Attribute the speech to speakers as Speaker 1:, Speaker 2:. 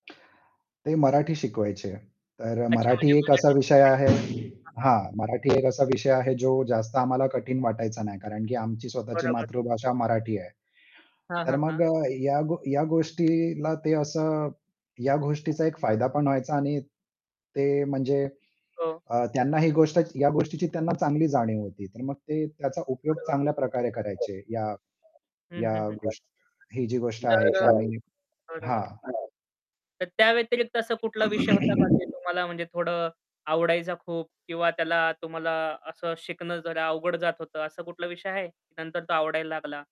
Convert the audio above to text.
Speaker 1: ते मराठी शिकवायचे. तर
Speaker 2: अच्छा.
Speaker 1: मराठी
Speaker 2: म्हणजे
Speaker 1: एक असा
Speaker 2: मराठी शिकवायचे?
Speaker 1: विषय आहे
Speaker 2: हां, हां.
Speaker 1: हां मराठी एक असा विषय आहे जो जास्त आम्हाला कठीण वाटायचा नाही. कारण की आमची स्वतःची
Speaker 2: बरोबर.
Speaker 1: मातृभाषा मराठी आहे.
Speaker 2: हां,
Speaker 1: तर
Speaker 2: हां, हां.
Speaker 1: मग अ, या ग या गोष्टीला ते असं या गोष्टीचा एक फायदा पण व्हायचा आणि ते म्हणजे
Speaker 2: हो.
Speaker 1: अ, त्यांना ही गोष्ट या गोष्टीची त्यांना चांगली जाणीव होती. तर मग ते त्याचा
Speaker 2: [unintelligible]
Speaker 1: उपयोग चांगल्या प्रकारे करायचे. या
Speaker 2: हं,
Speaker 1: या
Speaker 2: हं, हं. [unintelligible]
Speaker 1: गोष्टी ही जी गोष्ट आहे
Speaker 2: तर
Speaker 1: की
Speaker 2: अ,
Speaker 1: आम्ही
Speaker 2: बरोबर. हां.
Speaker 1: हां.
Speaker 2: तर त्या व्यतिरिक्त असा कुठला विषय होता का? जो तुम्हाला म्हणजे थोडं आवडायचा खूप किंवा त्याला तुम्हाला असं शिकणं जरा अवघड जात होतं. असा कुठला विषय आहे? नंतर तो आवडायला लागला.